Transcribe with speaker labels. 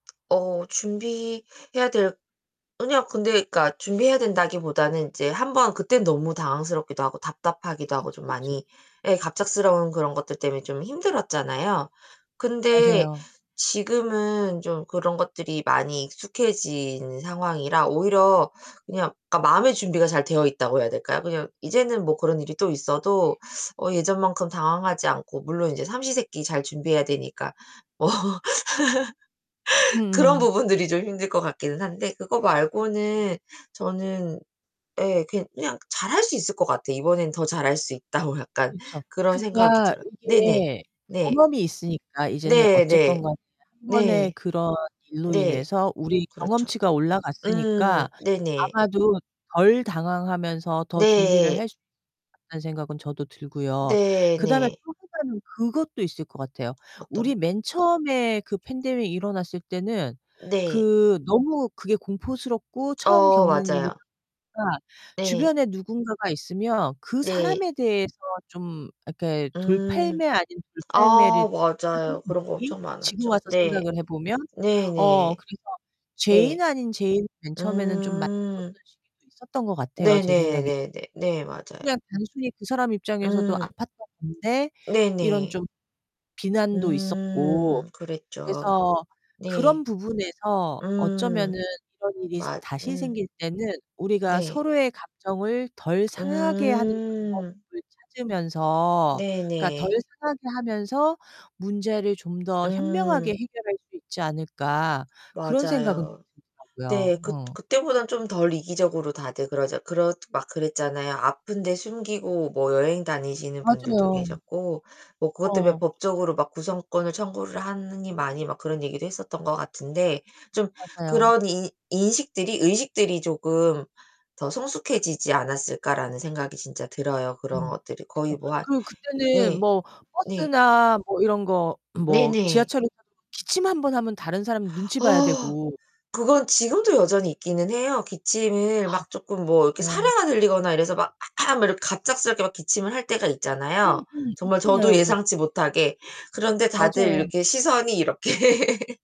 Speaker 1: 어 준비해야 될 아니요 근데 그러니까 준비해야 된다기보다는 이제 한번 그땐 너무 당황스럽기도 하고 답답하기도 하고
Speaker 2: 그쵸,
Speaker 1: 좀
Speaker 2: 그쵸.
Speaker 1: 많이 예, 갑작스러운 그런 것들 때문에 좀 힘들었잖아요. 근데
Speaker 2: 맞아요.
Speaker 1: 지금은 좀 그런 것들이 많이 익숙해진 상황이라 오히려 그냥 그러니까 마음의 준비가 잘 되어 있다고 해야 될까요? 그냥 이제는 뭐 그런 일이 또
Speaker 2: 네.
Speaker 1: 있어도 어 예전만큼 당황하지 않고 물론 이제 삼시 세끼 잘 준비해야 되니까. 어. 그런
Speaker 2: 음음.
Speaker 1: 부분들이 좀 힘들 것 같기는 한데 그거 말고는 저는 예 그냥 잘할 수 있을 것 같아요. 이번에는 더 잘할 수 있다고 약간
Speaker 2: 그쵸.
Speaker 1: 그런 생각이
Speaker 2: 그러니까
Speaker 1: 들어요. 네네.
Speaker 2: 이게
Speaker 1: 네.
Speaker 2: 경험이 있으니까 이제는
Speaker 1: 네 네.
Speaker 2: 어쨌건 간에 1 번의
Speaker 1: 네.
Speaker 2: 그런 일로
Speaker 1: 네.
Speaker 2: 인해서 우리
Speaker 1: 그렇죠.
Speaker 2: 경험치가
Speaker 1: 음
Speaker 2: 올라갔으니까
Speaker 1: 네네.
Speaker 2: 아마도 덜 당황하면서 더 준비를
Speaker 1: 네.
Speaker 2: 할 수 있겠다는 생각은 저도 들고요.
Speaker 1: 네
Speaker 2: 그다음에
Speaker 1: 네.
Speaker 2: 또 하나는 그것도 있을 것 같아요.
Speaker 1: 어떤?
Speaker 2: 우리 맨 처음에 그 팬데믹 일어났을 때는
Speaker 1: 네.
Speaker 2: 그 너무 그게 공포스럽고 처음
Speaker 1: 어
Speaker 2: 겪는 일이다
Speaker 1: 맞아요.
Speaker 2: 보니까
Speaker 1: 네.
Speaker 2: 주변에 누군가가 있으면 그
Speaker 1: 네.
Speaker 2: 사람에 대해서 좀 이렇게
Speaker 1: 음
Speaker 2: 돌팔매 아닌 돌팔매를
Speaker 1: 아 맞아요.
Speaker 2: 하는
Speaker 1: 그런 거
Speaker 2: 느낌?
Speaker 1: 엄청
Speaker 2: 지금
Speaker 1: 많았죠.
Speaker 2: 와서
Speaker 1: 네.
Speaker 2: 생각을 해 보면.
Speaker 1: 네
Speaker 2: 어
Speaker 1: 네.
Speaker 2: 그래서 죄인
Speaker 1: 네.
Speaker 2: 아닌 죄인 맨 처음에는 [unintelligible] 던
Speaker 1: 음.
Speaker 2: 시기도 있었던 것 같아요, 제
Speaker 1: 네네
Speaker 2: 생각에.
Speaker 1: 네네. 네. 맞아요.
Speaker 2: 그냥 단순히 그 사람 입장에서도
Speaker 1: 음.
Speaker 2: 아팠던 건데 이런
Speaker 1: 네네.
Speaker 2: 좀 비난도 있었고.
Speaker 1: 음 그랬죠.
Speaker 2: 그래서
Speaker 1: 네.
Speaker 2: 그런 부분에서
Speaker 1: 음.
Speaker 2: 어쩌면은 이런 일이
Speaker 1: 맞
Speaker 2: 다시
Speaker 1: 음.
Speaker 2: 생길 때는 '우리가
Speaker 1: 네.
Speaker 2: 서로의 감정을 덜 상하게 하는
Speaker 1: 음.
Speaker 2: 방법을 찾으면서 그니까 덜
Speaker 1: 네네.
Speaker 2: 상하게 하면서 문제를 좀 더 현명하게
Speaker 1: 음.
Speaker 2: 해결할 수 있지 않을까.' 그런 생각은
Speaker 1: 맞아요.
Speaker 2: 좀 들더라고요.
Speaker 1: 네, 그
Speaker 2: 어.
Speaker 1: 그때보다는 좀 덜 이기적으로 다들 그러잖 그렇 막 그랬잖아요. 아픈데 숨기고 뭐 여행 다니시는 분들도
Speaker 2: 맞아요.
Speaker 1: 계셨고 뭐 그것 때문에
Speaker 2: 어.
Speaker 1: 법적으로 막 구성권을 청구를 하느니 마니 막 그런 얘기도 했었던 것 같은데 좀
Speaker 2: 맞아요.
Speaker 1: 그런 '인 인식들이 의식들이 쪼금 더 성숙해지지 않았을까.'라는 생각이 진짜 들어요. 그런
Speaker 2: 음
Speaker 1: 것들이
Speaker 2: 그쵸.
Speaker 1: 거의 뭐 한
Speaker 2: 그리고 그때는
Speaker 1: 네.
Speaker 2: 뭐
Speaker 1: 네.
Speaker 2: 버스나 뭐 이런 거 뭐
Speaker 1: 네네.
Speaker 2: 지하철에서 기침 1 번 하면 다른 사람 눈치 봐야
Speaker 1: 아.
Speaker 2: 되고.
Speaker 1: 그건 지금도 여전히 있기는 해요.
Speaker 2: 아
Speaker 1: 기침을 막 쪼끔
Speaker 2: [unintelligible]
Speaker 1: 뭐 이렇게
Speaker 2: 어.
Speaker 1: 사레가 들리거나 이래서 막 "아악." 이렇게 갑작스럽게 막 기침을 할 때가 있잖아요,
Speaker 2: 음음.
Speaker 1: 정말 저도
Speaker 2: 있잖아요, 그럴 때.
Speaker 1: 예상치 못하게. 그런데 다들
Speaker 2: 맞아요.
Speaker 1: 이렇게 시선이 이렇게